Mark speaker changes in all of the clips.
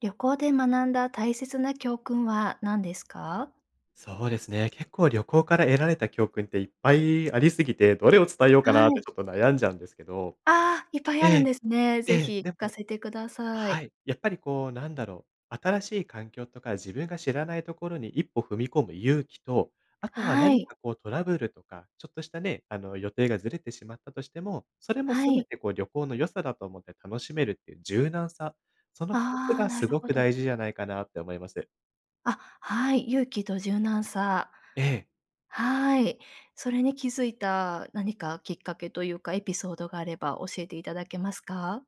Speaker 1: 旅行で学んだ大切な教訓は何ですか？
Speaker 2: そうですね。結構、旅行から得られた教訓っていっぱいあり過ぎて、どれを伝えようか
Speaker 1: は
Speaker 2: なって、
Speaker 1: い。
Speaker 2: ちょっと悩んじゃうんですけど。
Speaker 1: ああ、いっぱい
Speaker 2: え
Speaker 1: あるん
Speaker 2: え。
Speaker 1: ですね。
Speaker 2: え
Speaker 1: 是
Speaker 2: え。
Speaker 1: 非聞
Speaker 2: で
Speaker 1: か
Speaker 2: も
Speaker 1: せて下さ
Speaker 2: は
Speaker 1: い。
Speaker 2: い。やっぱりこう、何だろう。新しい環境とか自分が知らないところに、一歩踏み込む勇気と、あとは
Speaker 1: は
Speaker 2: 何
Speaker 1: い。
Speaker 2: か、こうトラブルとか、ちょっとしたね、あの、予定がずれてしまったとしても、それも
Speaker 1: は
Speaker 2: 全
Speaker 1: い。
Speaker 2: て、こう旅行の良さだと思って楽しめるって言う柔軟さ、その2つ
Speaker 1: ああ、
Speaker 2: が
Speaker 1: なる
Speaker 2: 凄
Speaker 1: ほ
Speaker 2: く
Speaker 1: ど。
Speaker 2: 大事じゃないかなって思います。
Speaker 1: あ、はい、勇気と柔軟さ。
Speaker 2: ええ。
Speaker 1: はい。それに気付いた何かきっかけと言うか、エピソードがあれば教えて頂けますか？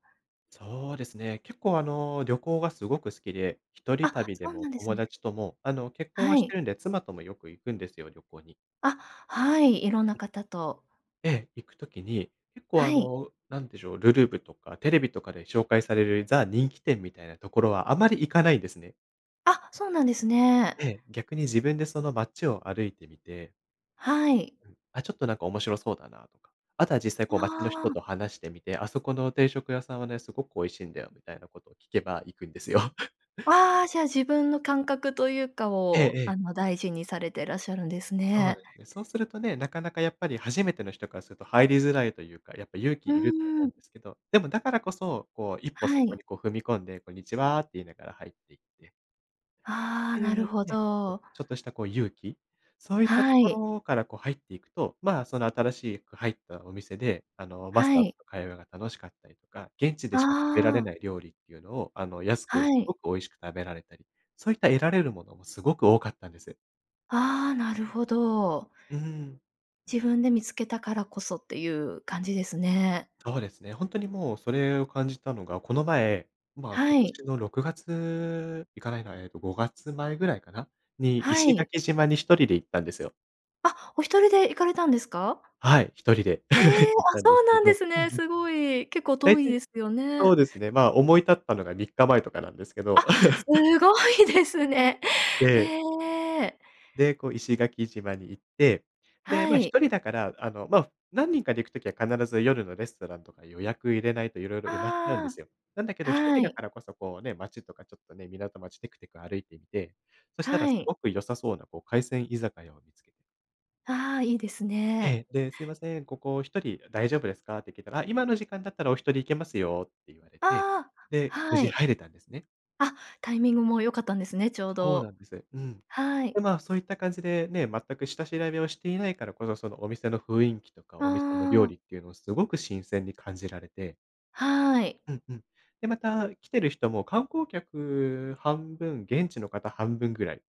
Speaker 2: そうですね。結構あの、旅行が凄く好きで、一人
Speaker 1: あ、
Speaker 2: 旅で
Speaker 1: そう
Speaker 2: も、
Speaker 1: なんです
Speaker 2: 友
Speaker 1: ね。
Speaker 2: 達とも、あの結婚
Speaker 1: は
Speaker 2: はして
Speaker 1: い。
Speaker 2: るんで、妻ともよく行くんですよ、旅行に。
Speaker 1: あ、はい、色んな
Speaker 2: うん。
Speaker 1: 方と。
Speaker 2: ええ。行く時に、結構
Speaker 1: は
Speaker 2: あ
Speaker 1: い。
Speaker 2: の、何でしょう。るるぶとか、テレビとかで紹介される、ザ人気店みたいなところは、あまり行かないんですね。
Speaker 1: あ、そうなんですね。
Speaker 2: で、逆に自分でその街を歩いてみて
Speaker 1: はい。
Speaker 2: あ、ちょっとなんか面白そうだなとか。あとは実際こう街の
Speaker 1: あ
Speaker 2: 人
Speaker 1: あ。
Speaker 2: と話してみて「あそこの定食屋さんはね、凄く美味しいんだよ」みたいな事を聞けば行くんですよ。
Speaker 1: ああ、じゃあ、自分の感覚と言うか
Speaker 2: ええ
Speaker 1: を、
Speaker 2: え
Speaker 1: あ
Speaker 2: え。
Speaker 1: の大事にされてらっしゃるんです
Speaker 2: そう
Speaker 1: ね。
Speaker 2: ですね。そうするとね、なかなか、やっぱり初めての人からすると、入りづらいと言うか、やっぱ勇気
Speaker 1: うー
Speaker 2: いると思うん
Speaker 1: ん。
Speaker 2: ですけど、でも、だからこそ、こう一歩、
Speaker 1: は
Speaker 2: そこ
Speaker 1: い。
Speaker 2: に、こう踏み込んで「こんにちは」って言いながら入っていって
Speaker 1: あ
Speaker 2: っ
Speaker 1: あ、
Speaker 2: て言
Speaker 1: なる
Speaker 2: う
Speaker 1: ほ
Speaker 2: ね。
Speaker 1: ど。
Speaker 2: ちょっとした、こう勇気？そう言ったと
Speaker 1: は
Speaker 2: こ
Speaker 1: い。
Speaker 2: ろから、こう入って行くと、ま、その新しく入ったお店で、あの、マス
Speaker 1: は
Speaker 2: ターの
Speaker 1: い。
Speaker 2: 会話が楽しかったりとか、現地でしか食べら
Speaker 1: あ
Speaker 2: れ
Speaker 1: あ。
Speaker 2: ない料理って言うのを、あの、安く
Speaker 1: はい。
Speaker 2: 凄く美味しく食べられたり、そういった得られるものも凄く多かったんです。
Speaker 1: ああ、なるほど。
Speaker 2: うーん。
Speaker 1: 自分で見付けたからこそって言う感じですね。
Speaker 2: そうですね。本当にもう、それを感じたのが、この前、ま、今
Speaker 1: はい。
Speaker 2: 年の6月行かないなえっと、5月前ぐらいかな？に、
Speaker 1: は
Speaker 2: 石
Speaker 1: い。
Speaker 2: 垣島に1人で行ったんですよ。
Speaker 1: あ、お一人で行かれたんですか？
Speaker 2: はい、一人で
Speaker 1: へ え、
Speaker 2: 行っ
Speaker 1: あ、
Speaker 2: たんで
Speaker 1: そう
Speaker 2: すけ
Speaker 1: なんで
Speaker 2: ど。
Speaker 1: す
Speaker 2: うんう
Speaker 1: ね。
Speaker 2: ん。
Speaker 1: すごい。結構
Speaker 2: 大
Speaker 1: 遠い
Speaker 2: 体、
Speaker 1: ですよ
Speaker 2: そう
Speaker 1: ね。
Speaker 2: ですね、ま、思い立ったのが3日前とかなんですけど。
Speaker 1: あ、す ごいですね。
Speaker 2: ええ。
Speaker 1: へえ。
Speaker 2: で、こう石垣島に行って、で、
Speaker 1: は
Speaker 2: ま、
Speaker 1: い。
Speaker 2: 一人だから、あの、ま、何人かで行く時は必ず、夜のレストランとか予約入れないと色々埋まっちゃうんで
Speaker 1: あ
Speaker 2: すよ。なんだけ
Speaker 1: あ、
Speaker 2: ど、一
Speaker 1: は
Speaker 2: 人だ
Speaker 1: い。
Speaker 2: からこそこうね、街とかちょっとね、港町テクテク歩いてみて、そしたら
Speaker 1: は
Speaker 2: す
Speaker 1: い。
Speaker 2: ごく良さそうなこう、海鮮居酒屋を見つけて…
Speaker 1: ああ、いいです
Speaker 2: え
Speaker 1: ね。
Speaker 2: え、で「すいません、ここ1人大丈夫ですか？」って聞いたら「あ、今の時間だったらお一人いけますよ」って言われて、
Speaker 1: ああ、
Speaker 2: で、無
Speaker 1: は
Speaker 2: 事
Speaker 1: い。
Speaker 2: 入れたんですね。
Speaker 1: あ、タイミングも良かったんですね、ちょう
Speaker 2: そうな
Speaker 1: ど。
Speaker 2: んです。うん。
Speaker 1: は
Speaker 2: で、
Speaker 1: い。
Speaker 2: ま、そういった感じでね、全く下調べをしていないからこそ、そのお店のふいんきとか、お店の
Speaker 1: あ
Speaker 2: 料
Speaker 1: あ。
Speaker 2: 理っていうのをすごく新鮮に感じられて。
Speaker 1: はい。
Speaker 2: うんうん。で、また来てる人も、観光客半分、現地の方半分ぐらい。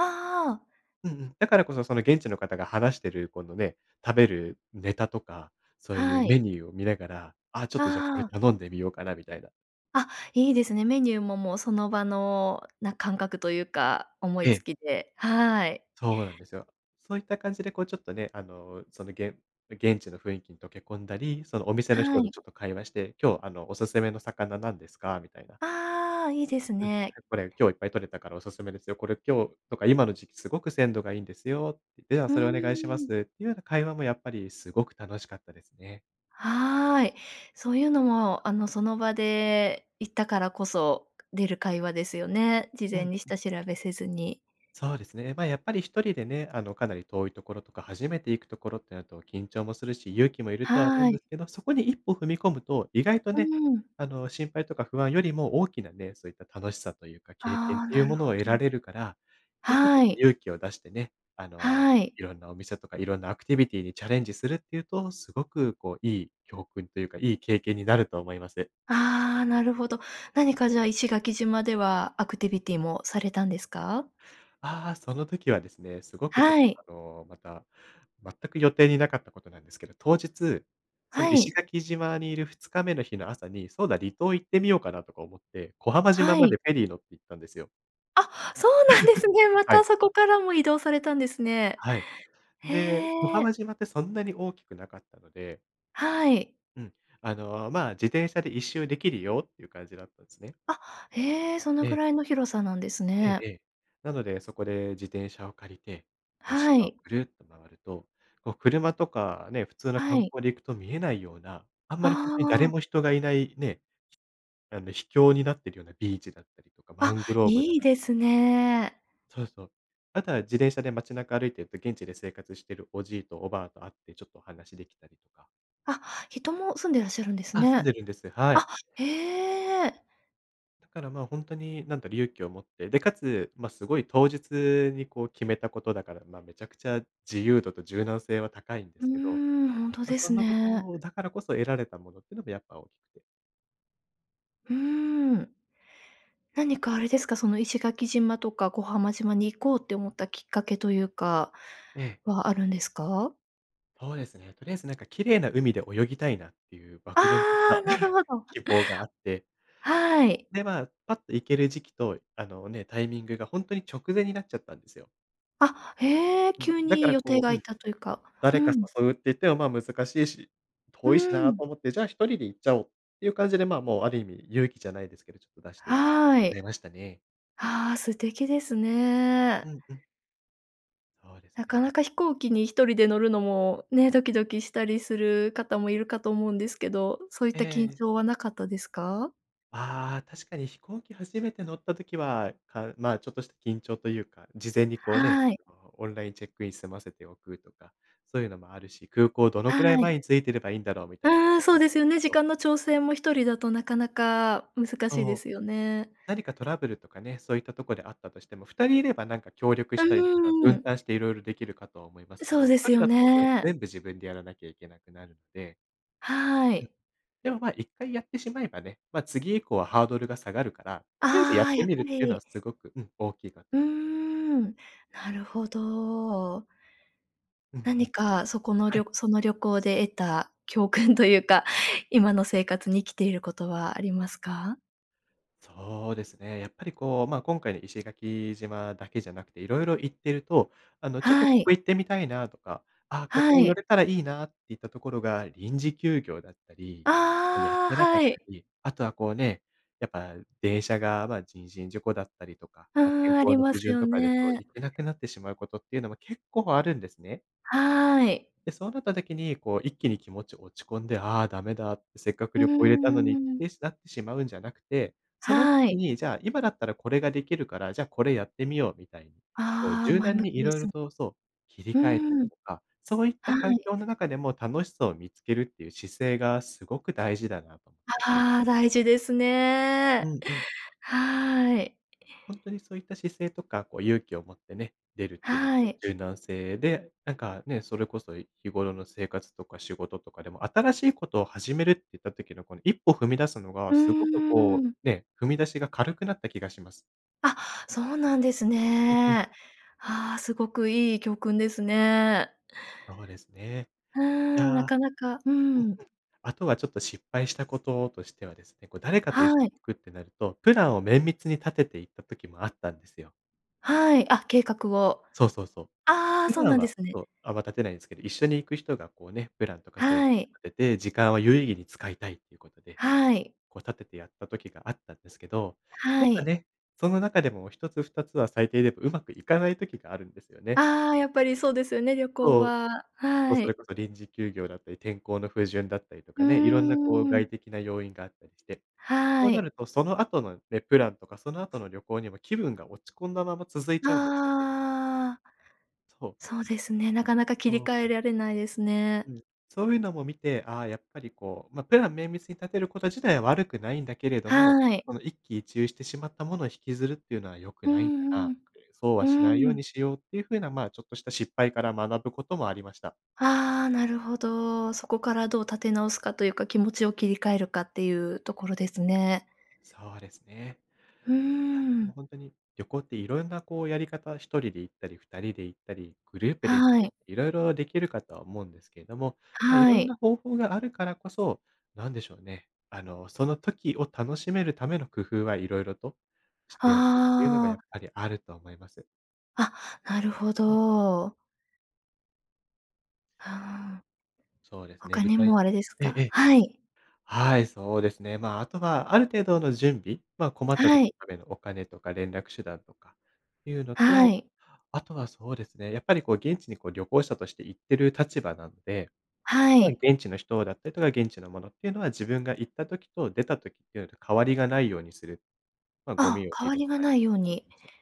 Speaker 1: ああ。
Speaker 2: うんうん。だからこそ、その現地の方が話してるこのね、食べるネタとか、そうい
Speaker 1: は
Speaker 2: う
Speaker 1: い。
Speaker 2: メニューを見ながら、あ、ちょっと、じゃあ、こ
Speaker 1: あ
Speaker 2: れ
Speaker 1: あ。
Speaker 2: 頼んでみようかなみたいな。
Speaker 1: あ、いいですね。メニューも、もうその場のな、感覚というか思い
Speaker 2: え
Speaker 1: つ
Speaker 2: え。
Speaker 1: きで、はい。
Speaker 2: そうなんですよ。そういった感じでこう、ちょっとね、あの、その現う現地の雰囲気に溶け込んだり、そのお店の
Speaker 1: は
Speaker 2: 人と
Speaker 1: い。
Speaker 2: ちょっと会話して「今日あの、おすすめの魚なんですか？」みたいな。
Speaker 1: ああ、いいです
Speaker 2: うん
Speaker 1: ね。
Speaker 2: 「これ今日いっぱい取れたからおすすめですよ。これ今日とか今の時期すごく鮮度がいいんですよ」「では、
Speaker 1: うー
Speaker 2: それお願いします」
Speaker 1: ん。
Speaker 2: っていうような会話もやっぱりすごく楽しかったですね。
Speaker 1: はい。そういうのも、あの、その場で行ったからこそ、く出る会話ですよね。事
Speaker 2: うん
Speaker 1: 前に
Speaker 2: うん。
Speaker 1: 下調べせずに。
Speaker 2: そうですね。ま、やっぱり一人でね、あの、かなり遠いところとか、初めて行くところってなると緊張もするし、勇気もいるとは思う
Speaker 1: は
Speaker 2: んで
Speaker 1: い。
Speaker 2: すけど、そこに一歩踏み込むと、意外と
Speaker 1: う
Speaker 2: ね、
Speaker 1: ん。
Speaker 2: あの、心配とか不安よりも大きなね、そういった楽しさというか、経験
Speaker 1: ああ、
Speaker 2: とい
Speaker 1: な
Speaker 2: う
Speaker 1: る
Speaker 2: もの
Speaker 1: ほ
Speaker 2: を得
Speaker 1: ど。
Speaker 2: られるから、やっぱちょっ
Speaker 1: は
Speaker 2: と
Speaker 1: い。
Speaker 2: 勇気を出してね、あの、
Speaker 1: はい。
Speaker 2: 色んなお店とか色んなアクティビティにチャレンジするっていうと、すごくこう、いい教訓というか、いい経験になると思います。
Speaker 1: ああ、なるほど。何かじゃあ、石垣島ではアクティビティもされたんですか？
Speaker 2: ああ、その時はですね、すごくちょっ
Speaker 1: はい。
Speaker 2: と、あの、また、全く予定になかったことなんですけど、当日、その
Speaker 1: は
Speaker 2: 石
Speaker 1: い。
Speaker 2: 垣島にいる2日目の日の朝に「そうだ、離島行ってみようかな？」とか思って、小浜島
Speaker 1: は
Speaker 2: ま
Speaker 1: い。
Speaker 2: でフェリー乗って行ったんですよ。
Speaker 1: あ、そうなんですね。ま
Speaker 2: は
Speaker 1: た
Speaker 2: い。
Speaker 1: そこからも移動されたんですね。
Speaker 2: はい。で、小
Speaker 1: へ
Speaker 2: 浜
Speaker 1: え。
Speaker 2: 島ってそんなに大きくなかったので。
Speaker 1: はい。
Speaker 2: うん、あのまあ自転車で一周できるよっていう感じだったんですね。
Speaker 1: あ、へえ、その
Speaker 2: え
Speaker 1: く
Speaker 2: え。
Speaker 1: らいの広さなんです
Speaker 2: ええ、
Speaker 1: ね。
Speaker 2: ええ。なので、そこで自転車を借りて、こう
Speaker 1: は
Speaker 2: 島を
Speaker 1: い。
Speaker 2: ぐるっと回ると、こう車とかね、普通の
Speaker 1: は
Speaker 2: 観
Speaker 1: い。
Speaker 2: 光で行くと見えないような、あんま
Speaker 1: あ
Speaker 2: りほんとに誰
Speaker 1: あ。
Speaker 2: も人がいないね、あの、秘境になっているようなビーチだったりとか、マ
Speaker 1: あ、
Speaker 2: ングローブだっ
Speaker 1: い
Speaker 2: た
Speaker 1: いで
Speaker 2: り
Speaker 1: す
Speaker 2: とか。
Speaker 1: ね。
Speaker 2: そうそう。あとは自転車で街中歩いてて、現地で生活しているおじいとおばあと会って、ちょっとお話できたりとか。
Speaker 1: あ、人も住んでらっしゃるんです
Speaker 2: あ、住ん
Speaker 1: ね。
Speaker 2: でるんです、は
Speaker 1: あ、
Speaker 2: い。
Speaker 1: へえ。
Speaker 2: だから、ま、ほんとになんか勇気を持って、で、かつますごい当日にこう決めたことだから、ま、めちゃくちゃ自由度と柔軟性は高いんで
Speaker 1: うー
Speaker 2: すけど、
Speaker 1: ん、ほんと
Speaker 2: ま、
Speaker 1: で
Speaker 2: そ
Speaker 1: す
Speaker 2: んなこ
Speaker 1: ね。
Speaker 2: とだからこそ得られたものっていうのがやっぱ大きくて。
Speaker 1: うーん、なにかあれですか、その石垣島とか小浜島に行こうって思ったきっかけというか、
Speaker 2: ええ。
Speaker 1: はあるんですか？
Speaker 2: そうですね、とりあえずなんか綺麗な海で泳ぎたいなっていう
Speaker 1: あ
Speaker 2: 漠然と
Speaker 1: あ、
Speaker 2: た
Speaker 1: なるほ ど。
Speaker 2: 希望があって
Speaker 1: はい。
Speaker 2: で、まあ、パッと行ける時期と、あの、ね、タイミングがほんとに直前になっちゃったんですよ。
Speaker 1: あ、へえ、
Speaker 2: うん。
Speaker 1: 急
Speaker 2: だか
Speaker 1: に
Speaker 2: ら
Speaker 1: 予定
Speaker 2: こ
Speaker 1: が
Speaker 2: う、
Speaker 1: い
Speaker 2: う
Speaker 1: っ
Speaker 2: ん、
Speaker 1: たというか。う
Speaker 2: 誰か
Speaker 1: ん。
Speaker 2: 誘うって言ってもまあ難しいし
Speaker 1: う
Speaker 2: 遠いしな
Speaker 1: ん。
Speaker 2: と思って、じゃあ1人で行っちゃおう、いう感じで、ま、もうある意味勇気じゃないですけど、ちょっと出して
Speaker 1: は
Speaker 2: くれ
Speaker 1: い。
Speaker 2: ましたね。
Speaker 1: ああ、素敵です
Speaker 2: う
Speaker 1: ね。
Speaker 2: ん、うん。そうです
Speaker 1: なかな
Speaker 2: ね。
Speaker 1: か飛行機に1人で乗るのもね、ドキドキしたりする方もいるかと思うんですけど、そういっ
Speaker 2: え
Speaker 1: た緊
Speaker 2: え。
Speaker 1: 張はなかったですか？
Speaker 2: ああ、確かに飛行機初めて乗った時は、かまあ、ちょっとした緊張というか、事前にこうね、
Speaker 1: はい。
Speaker 2: あの、オンラインチェックイン済ませておくとか、そういうのもあるし、空港どの
Speaker 1: は
Speaker 2: くらい前
Speaker 1: い。
Speaker 2: に着いてればいいんだろうみたいな
Speaker 1: ああ、そうですよ
Speaker 2: [unintelligible]
Speaker 1: ね。時
Speaker 2: と。
Speaker 1: 間の調整も1人だとなかなか難しい
Speaker 2: そ
Speaker 1: で
Speaker 2: う。
Speaker 1: すよね。
Speaker 2: 何かトラブルとかね、そういったとこであったとしても、2人いればなんか協力
Speaker 1: う
Speaker 2: したりとか、
Speaker 1: うー
Speaker 2: 分
Speaker 1: ん。
Speaker 2: 担して色々できるかとは思いますけ
Speaker 1: そ
Speaker 2: ど、
Speaker 1: う
Speaker 2: ひ
Speaker 1: で
Speaker 2: と
Speaker 1: す
Speaker 2: り
Speaker 1: よ
Speaker 2: だとね、
Speaker 1: ねえ。
Speaker 2: 全部自分でやらなきゃいけなくなるので、
Speaker 1: は
Speaker 2: うん。
Speaker 1: い。
Speaker 2: でもま、1回やってしまえばね、ま、次以降はハードルが下がるから、とりあえずや
Speaker 1: あ
Speaker 2: っ
Speaker 1: あ、
Speaker 2: て
Speaker 1: やっ
Speaker 2: みる
Speaker 1: ぱ
Speaker 2: っていうのは
Speaker 1: り。
Speaker 2: すごく、うん、大きいか
Speaker 1: うー
Speaker 2: と。
Speaker 1: ん。なるほど。
Speaker 2: うんう
Speaker 1: 何
Speaker 2: ん。
Speaker 1: かそこの
Speaker 2: は
Speaker 1: りょ
Speaker 2: い。
Speaker 1: その旅行で得た教訓というか、今の生活に生きていることはありますか？
Speaker 2: そうですね。やっぱりこう、ま、今回の石垣島だけじゃなくて、色々行ってると、あの、「ちょっと
Speaker 1: は
Speaker 2: ここ
Speaker 1: い。
Speaker 2: 行ってみたいな」とか、「あ、ここ
Speaker 1: は
Speaker 2: を寄
Speaker 1: い。
Speaker 2: れたらいいな」っていったところが臨時休業だったり、こう、やっ
Speaker 1: ああ。
Speaker 2: てなかっ
Speaker 1: は
Speaker 2: た
Speaker 1: い。
Speaker 2: り、あとはこうね、やっぱ電車が、ま、人身事故だったりとか、
Speaker 1: あ
Speaker 2: ま、天
Speaker 1: あ、あり
Speaker 2: 候の
Speaker 1: ま
Speaker 2: 不
Speaker 1: す
Speaker 2: 順
Speaker 1: よ
Speaker 2: とかでこう、
Speaker 1: ね。
Speaker 2: 行けなくなってしまうことっていうのも結構あるんですね。
Speaker 1: はい。
Speaker 2: で、そうなった時に、こう一気に気持ち落ち込んで、「ああ、ダメだ」って、「せっかく
Speaker 1: う
Speaker 2: 旅行入れたのに」っ
Speaker 1: んうん。
Speaker 2: てしなってしまうんじゃなくて、その
Speaker 1: は
Speaker 2: 時
Speaker 1: い。
Speaker 2: にじゃあ、「今だったらこれができるから、じゃあこれやってみよう」みたいに、こう
Speaker 1: ああ、
Speaker 2: 柔
Speaker 1: 前
Speaker 2: 軟
Speaker 1: 向
Speaker 2: に
Speaker 1: きで
Speaker 2: 色々
Speaker 1: す。
Speaker 2: とそう、切り
Speaker 1: う
Speaker 2: 替えたり
Speaker 1: ん。
Speaker 2: とか、そういった
Speaker 1: は
Speaker 2: 環
Speaker 1: い。
Speaker 2: 境の中でも楽しさを見つけるっていう姿勢が、すごく大事だなと思って。
Speaker 1: ああ、大事です
Speaker 2: う
Speaker 1: ね。
Speaker 2: んうん。
Speaker 1: はい。
Speaker 2: ほんとにそういった姿勢とか、こう勇気を持ってね、出るっていうのと
Speaker 1: はい。
Speaker 2: 柔軟性で、なんかね、それこそ日頃の生活とか仕事とかでも、新しいことを始めるっていった時の、この一歩踏み出すのが、
Speaker 1: うー
Speaker 2: すごくこ
Speaker 1: ん。
Speaker 2: う、ね、踏み出しが軽くなった気がします。
Speaker 1: あ、そうなんです
Speaker 2: うんうん。
Speaker 1: ね。ああ、すごくいい教訓ですね。
Speaker 2: そうですね。
Speaker 1: うー
Speaker 2: い
Speaker 1: ん、な
Speaker 2: や、
Speaker 1: かなかう
Speaker 2: うん、
Speaker 1: ん。
Speaker 2: あとはちょっと失敗したこととしてはですね、こう誰かといし
Speaker 1: はい。
Speaker 2: 行くってなると、プランを綿密に立てて行った時もあったんですよ。
Speaker 1: はい、あ、計画を。
Speaker 2: そうそうそう。
Speaker 1: ああ、
Speaker 2: 普
Speaker 1: そう
Speaker 2: 段
Speaker 1: なんで
Speaker 2: は
Speaker 1: すね。
Speaker 2: そう、あんま立てないんすけど、一緒に行く人がこうね、プランとかそういうの
Speaker 1: は
Speaker 2: を
Speaker 1: い。
Speaker 2: 立てて、時間を有意義に使いたいということで、
Speaker 1: はい。
Speaker 2: こう立ててやった時があったんですけど、
Speaker 1: は
Speaker 2: なんか
Speaker 1: い。
Speaker 2: ね、その中でも一つ二つは最低でも上手くいかない時があるんですよね。
Speaker 1: ああ、やっぱりそうですよね、旅行
Speaker 2: そう。
Speaker 1: は、
Speaker 2: そう、
Speaker 1: は
Speaker 2: それ
Speaker 1: い。
Speaker 2: こそ臨時休業だったり、天候の不順だったりと
Speaker 1: うー
Speaker 2: かね、色んなこう
Speaker 1: ん。
Speaker 2: 外的な要因があったりして、そ
Speaker 1: は
Speaker 2: うな
Speaker 1: い。
Speaker 2: るとそのあとのね、プランとか、そのあとの旅行にも気分が落ち込んだまま続いちゃうんですよね。
Speaker 1: ああ。
Speaker 2: そう。
Speaker 1: そうですね、なかなか切り
Speaker 2: そう
Speaker 1: 替
Speaker 2: な
Speaker 1: え
Speaker 2: ん
Speaker 1: ら
Speaker 2: で
Speaker 1: れ
Speaker 2: す。
Speaker 1: ないですね。
Speaker 2: うん。そういうのも見て、ああ、やっぱりこう、ま、プラン綿密に立てること自体は悪くないんだけれども、
Speaker 1: はい。
Speaker 2: この一喜一憂してしまったもの引きずるっていうのは良く
Speaker 1: う
Speaker 2: ないんだな
Speaker 1: ん、
Speaker 2: っ
Speaker 1: うん、
Speaker 2: て、そう
Speaker 1: う
Speaker 2: はしない
Speaker 1: ー
Speaker 2: よう
Speaker 1: ん。
Speaker 2: にしようっていう風な、まあ、ちょっとした失敗から学ぶこともありました。
Speaker 1: ああ、なるほど、そこからどう立て直すかというか、気持ちを切り替えるかっていうところですね。
Speaker 2: そうですね。
Speaker 1: うー
Speaker 2: いや、でも
Speaker 1: ん。
Speaker 2: ほんとに旅行っていろんなこうやり方、1人で行ったり、2人で行ったり、グループで行っ
Speaker 1: はい。
Speaker 2: て、色々できるかとは思うんですけども、ま、い
Speaker 1: は
Speaker 2: ろん
Speaker 1: い。
Speaker 2: な方法があるからこそ、なんでしょうね、あの、その時を楽しめるための工夫は色々としておくっていうのが、
Speaker 1: あ
Speaker 2: や
Speaker 1: あ。
Speaker 2: っぱりあるとは思います。
Speaker 1: あ、なるほ
Speaker 2: うん。
Speaker 1: ど。ああ。
Speaker 2: そうですね。
Speaker 1: 他
Speaker 2: 具
Speaker 1: に
Speaker 2: 体
Speaker 1: もあれです
Speaker 2: えええ
Speaker 1: か？
Speaker 2: え。
Speaker 1: はい。
Speaker 2: はい、そうですね。ま、あとはある程度の準備、ま、困った
Speaker 1: は
Speaker 2: 時の
Speaker 1: い。
Speaker 2: ためのお金とか連絡手段とかっていうの
Speaker 1: は
Speaker 2: と、
Speaker 1: い。
Speaker 2: あとはそうですね。やっぱりこう現地にこう、旅行者として行ってる立場なので、
Speaker 1: は
Speaker 2: ま、
Speaker 1: い。
Speaker 2: 現地の人だったりとか、現地のものっていうのは自分が行った時と出た時っていうのと変わりがないようにする。ま、ゴ
Speaker 1: あ、
Speaker 2: ミを拾
Speaker 1: 変
Speaker 2: っ
Speaker 1: わりが
Speaker 2: たり
Speaker 1: ない
Speaker 2: とか
Speaker 1: よう
Speaker 2: そう
Speaker 1: に。
Speaker 2: そうそう。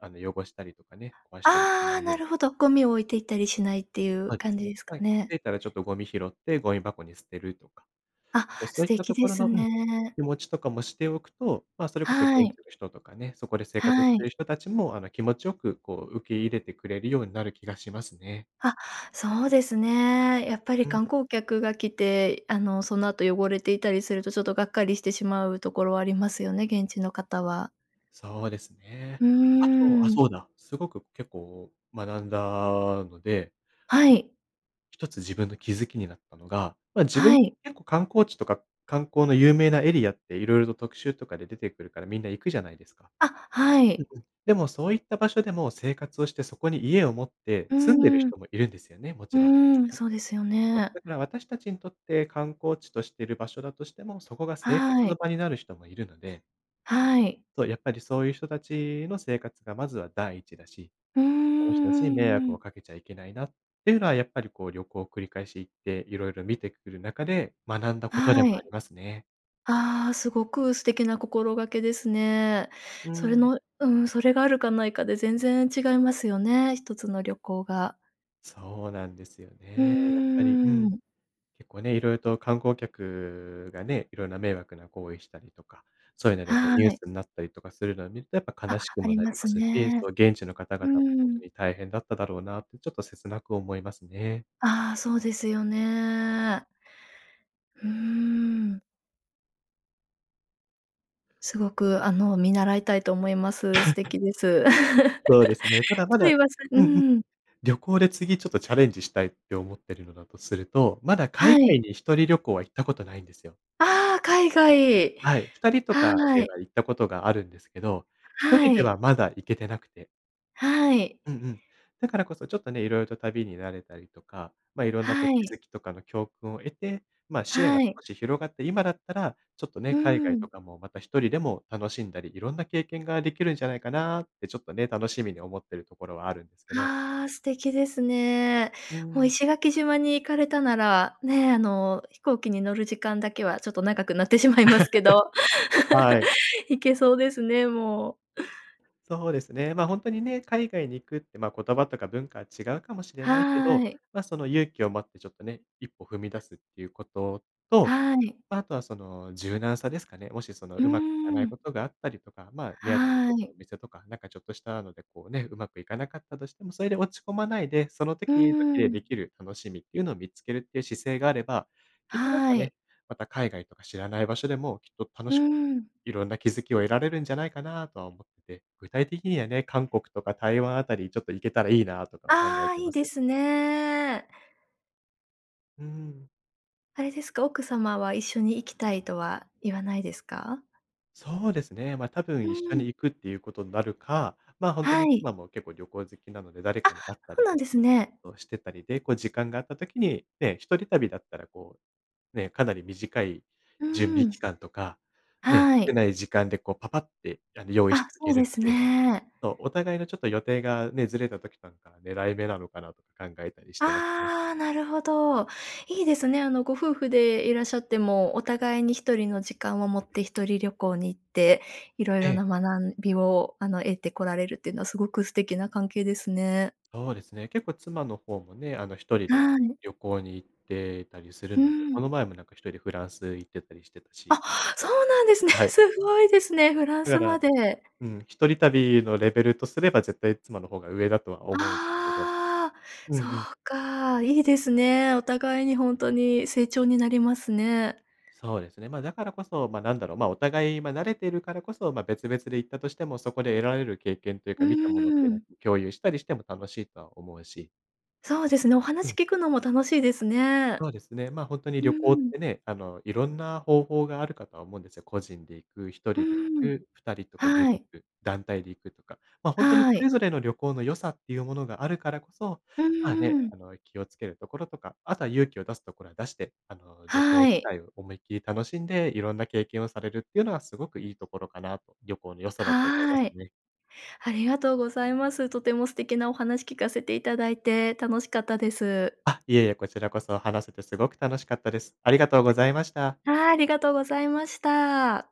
Speaker 2: あの、汚したりとかね、壊したりしな
Speaker 1: ああ、
Speaker 2: いよ
Speaker 1: な
Speaker 2: うに
Speaker 1: るほどゴミを置 いていったりしないっていう
Speaker 2: そうで
Speaker 1: 感
Speaker 2: す
Speaker 1: じ
Speaker 2: ね。
Speaker 1: ですか
Speaker 2: ま、気
Speaker 1: ね。
Speaker 2: づいたらちょっとゴミ拾って、ゴミ箱に捨てるとか。
Speaker 1: あ、
Speaker 2: そう、そ
Speaker 1: 素
Speaker 2: ういった
Speaker 1: 敵
Speaker 2: と
Speaker 1: で
Speaker 2: ころ
Speaker 1: す
Speaker 2: のうん、
Speaker 1: ね。
Speaker 2: 気持ちとかもしておくと、ま、それこそ現
Speaker 1: はい。
Speaker 2: 地の人とかね、そこで生活し
Speaker 1: は
Speaker 2: てい
Speaker 1: い。
Speaker 2: る人たちも、あの、気持ちよくこう、受け入れてくれるようになる気がしますね。
Speaker 1: あ、そうですね。やっぱり
Speaker 2: うん。
Speaker 1: 観光客が来て、あのその後、汚れていたりすると、ちょっとがっかりしてしまうところありますよね、現地の方は。
Speaker 2: そうです
Speaker 1: う
Speaker 2: ね。あ
Speaker 1: ー
Speaker 2: と、あ、
Speaker 1: ん。
Speaker 2: そうだ、すごく結構学んだので、
Speaker 1: はい。
Speaker 2: 一つ自分の気づきになったのが、ま、自
Speaker 1: は
Speaker 2: 分、
Speaker 1: い。
Speaker 2: 結構観光地とか、観光の有名なエリアって色々と特集とかで出てくるから、みんな行くじゃないですか。
Speaker 1: あ、は
Speaker 2: うん
Speaker 1: い。
Speaker 2: うん。でもそういった場所でも、生活をして、そこに家を持って
Speaker 1: う
Speaker 2: 住んでる
Speaker 1: ーん。う
Speaker 2: 人もいるんですよね、もちろん。
Speaker 1: ーん、そうですよ
Speaker 2: そう、
Speaker 1: ね。
Speaker 2: だから私たちにとって、観光地としてる場所だとしても、そこが生活
Speaker 1: はい。
Speaker 2: の場になる人もいるので。
Speaker 1: はい。
Speaker 2: そう、やっぱりそういう人たちの生活がまずは第一だし、
Speaker 1: うーん、
Speaker 2: その人たちに迷
Speaker 1: うんう
Speaker 2: 惑を
Speaker 1: ん。
Speaker 2: かけちゃいけないなっていうのは、やっぱりこう、旅行繰り返し行って色々見てくる中で学んだことで
Speaker 1: は
Speaker 2: もあり
Speaker 1: い。
Speaker 2: ますね。
Speaker 1: ああ、すごく素敵な心がけですね。
Speaker 2: う
Speaker 1: それ
Speaker 2: ん。
Speaker 1: のうん、それがあるかないかで全然違いますよね、一つの旅行が。
Speaker 2: そうなんですよ
Speaker 1: う
Speaker 2: ね。やっぱり、う
Speaker 1: ー
Speaker 2: ん。
Speaker 1: ん。
Speaker 2: 結構ね、色々と観光客がね、いろんな迷惑な行為したりとか、そういうのでこう
Speaker 1: は
Speaker 2: ニュー
Speaker 1: い。
Speaker 2: スになったりとかするのを見ると、やっぱ悲
Speaker 1: あ、
Speaker 2: しく
Speaker 1: あ
Speaker 2: も
Speaker 1: り
Speaker 2: なり
Speaker 1: ま
Speaker 2: ま
Speaker 1: す
Speaker 2: すし、そ
Speaker 1: ね。
Speaker 2: の現地の方
Speaker 1: う
Speaker 2: 々もほんと
Speaker 1: ん。
Speaker 2: に大変だっただろうなって、ちょっと切なく思いますね。
Speaker 1: ああ、そうですよね。うーん。すごくあの、見習いたいと思います、素 敵です。
Speaker 2: そうですね。ただま
Speaker 1: す
Speaker 2: だ
Speaker 1: いません、
Speaker 2: う
Speaker 1: う
Speaker 2: んうん。
Speaker 1: ん。
Speaker 2: 旅行で次ちょっとチャレンジしたいって思ってるのだとすると、まだ海
Speaker 1: は
Speaker 2: 外
Speaker 1: い。
Speaker 2: に1人旅行は行ったことないんですよ。
Speaker 1: ああ、海外。
Speaker 2: はい。2人とか
Speaker 1: は
Speaker 2: で
Speaker 1: い。
Speaker 2: は行ったことがあるんですけど、ひと
Speaker 1: は
Speaker 2: りで
Speaker 1: い。
Speaker 2: はまだ行けてなくて
Speaker 1: はい。
Speaker 2: うんうん。だからこそちょっとね、いろいろと旅に慣れたりとか、ま、いろんな
Speaker 1: は
Speaker 2: こう気
Speaker 1: い。
Speaker 2: づきとかの教訓を得て、ま、視野
Speaker 1: は
Speaker 2: が
Speaker 1: い。
Speaker 2: 少し広がって、今だったらちょっと
Speaker 1: うー
Speaker 2: ね、海外
Speaker 1: ん。
Speaker 2: とかもまた1人でも楽しんだり、いろんな経験ができるんじゃないかなってちょっとね、楽しみに思ってるところはあるんですけど。
Speaker 1: ああ、素敵ですね。
Speaker 2: う
Speaker 1: もう
Speaker 2: ん。
Speaker 1: 石垣島に行かれたなら、ね、あの、飛行機に乗る時間だけはちょっと長くなってしまいますけど。
Speaker 2: はい。
Speaker 1: 行けそうですね、もう。
Speaker 2: そうですね。ま、ほんとにね、海外に行くって、ま、言葉とか文化は違うかもしれないけ
Speaker 1: は
Speaker 2: ど、
Speaker 1: い。
Speaker 2: ま、その勇気を持ってちょっとね一歩踏み出すっていうことと、
Speaker 1: はい。
Speaker 2: ま、あとはその、柔軟さですかね。もしその、
Speaker 1: うー
Speaker 2: うまくいかない
Speaker 1: ん。
Speaker 2: ことがあったりとか、ま、目当てのち
Speaker 1: は
Speaker 2: ょっとお
Speaker 1: い。
Speaker 2: 店とか、なんかちょっとしたので、こうね、上手くいかなかったとしても、それで落ち込まないで、その
Speaker 1: うー
Speaker 2: 時々でで
Speaker 1: ん。
Speaker 2: きる楽しみっていうのを見つけるっていう姿勢があれば、きっとなん
Speaker 1: は
Speaker 2: か
Speaker 1: い。
Speaker 2: ね、また海外とか知らない場所でもきっと楽
Speaker 1: うー
Speaker 2: し
Speaker 1: ん。
Speaker 2: いろんな気づきを得られるんじゃないかなとは思って、具体的にはね、韓国とか台湾あたりちょっと行けたらいいなとか考え
Speaker 1: ああ、
Speaker 2: て
Speaker 1: いい
Speaker 2: ま
Speaker 1: で
Speaker 2: す。
Speaker 1: すね。
Speaker 2: うーん。
Speaker 1: あれですか、奥様は一緒に行きたいとは言わないですか？
Speaker 2: そうですね。ま、多
Speaker 1: う
Speaker 2: 分、一緒
Speaker 1: ん。
Speaker 2: に行くっていうことになるか、ま、ほんと
Speaker 1: は
Speaker 2: に
Speaker 1: い。
Speaker 2: 妻も結構旅行好きなので、誰
Speaker 1: あ、
Speaker 2: かに会った
Speaker 1: そう
Speaker 2: り
Speaker 1: なん
Speaker 2: と
Speaker 1: で
Speaker 2: か
Speaker 1: すね。
Speaker 2: をしてたりで、こう時間があった時に、ね、一人旅だったらこう、ね、かなり短い
Speaker 1: うー
Speaker 2: 準備期
Speaker 1: ん。
Speaker 2: 間とか、ね、
Speaker 1: は
Speaker 2: 少
Speaker 1: い。
Speaker 2: ない時間でこう、パパッてあの用意し
Speaker 1: あ、
Speaker 2: て行
Speaker 1: そ
Speaker 2: け
Speaker 1: うで
Speaker 2: るの
Speaker 1: す
Speaker 2: で、
Speaker 1: ね。
Speaker 2: そう、お互いのちょっと予定がね、ずれた時なんか狙い目なのかなとか考えたりしてますね。
Speaker 1: ああ、なるほど。いいですね。あのご夫婦でいらっしゃっても、お互いに1人の時間を持って、1人旅行に行っていろい
Speaker 2: え
Speaker 1: ろ
Speaker 2: え。
Speaker 1: な学びをあの、得てこられるっていうのはすごく素敵な関係ですね。
Speaker 2: そうですね。結構妻の方もね、あの、1人で
Speaker 1: はい。
Speaker 2: 旅行に行ってたりする
Speaker 1: う
Speaker 2: ので、
Speaker 1: ん。
Speaker 2: この前もなんか1人でフランス行ってたりしてたし。
Speaker 1: あ、そうなんですね。
Speaker 2: はい。
Speaker 1: すごいですね、フラン
Speaker 2: だか
Speaker 1: スま
Speaker 2: ら、
Speaker 1: で。
Speaker 2: うん、一人旅のレベルとすれば、絶対妻の方が上だとは思うんですけど。
Speaker 1: ああ、
Speaker 2: うん
Speaker 1: そう
Speaker 2: うん。
Speaker 1: か、いいですね。お互いにほんとに成長になりますね。
Speaker 2: そうですね。ま、だからこそ、ま、なんだろう、ま、お互い、ま、慣れてるからこそ、ま、別々で行ったとしても、そこで得られる経験という
Speaker 1: うー
Speaker 2: か、見たものってのは
Speaker 1: ん。
Speaker 2: こう、共有したりしても楽しいとは思うし。
Speaker 1: そうですね、お
Speaker 2: う
Speaker 1: 話
Speaker 2: ん。
Speaker 1: 聞くのも楽しいですね。
Speaker 2: そうですね。ま、ほんとに
Speaker 1: う
Speaker 2: 旅行っ
Speaker 1: ーん。
Speaker 2: てね、あの、いろんな方法があるかとは思うんですよ。個人で行く、ひと
Speaker 1: う
Speaker 2: りで
Speaker 1: ーん。
Speaker 2: 行く、2人とかグル
Speaker 1: は
Speaker 2: ー
Speaker 1: い。
Speaker 2: プ、団体で行くとか。ま、ほんとにそ
Speaker 1: はい。
Speaker 2: れぞれの旅行の良さっていうものがあるからこそ、
Speaker 1: う
Speaker 2: まあ
Speaker 1: ん
Speaker 2: ね、
Speaker 1: うん。
Speaker 2: あの、気を付けるところとか、あとは勇気を出すところは出して、あの、旅行
Speaker 1: は
Speaker 2: 自
Speaker 1: い。
Speaker 2: 体を思いっきり楽しんで、いろんな経験をされるっていうのはすごくいいところかなと、旅行の良さだと思いま
Speaker 1: は
Speaker 2: す
Speaker 1: い。
Speaker 2: ね。
Speaker 1: ありがとうございます。とても素敵なお話聞かせていただいて、楽しかったです。
Speaker 2: あ、いえいえ、こちらこそ話せてすごく楽しかったです。ありがとうございました。
Speaker 1: はあ、ありがとうございました。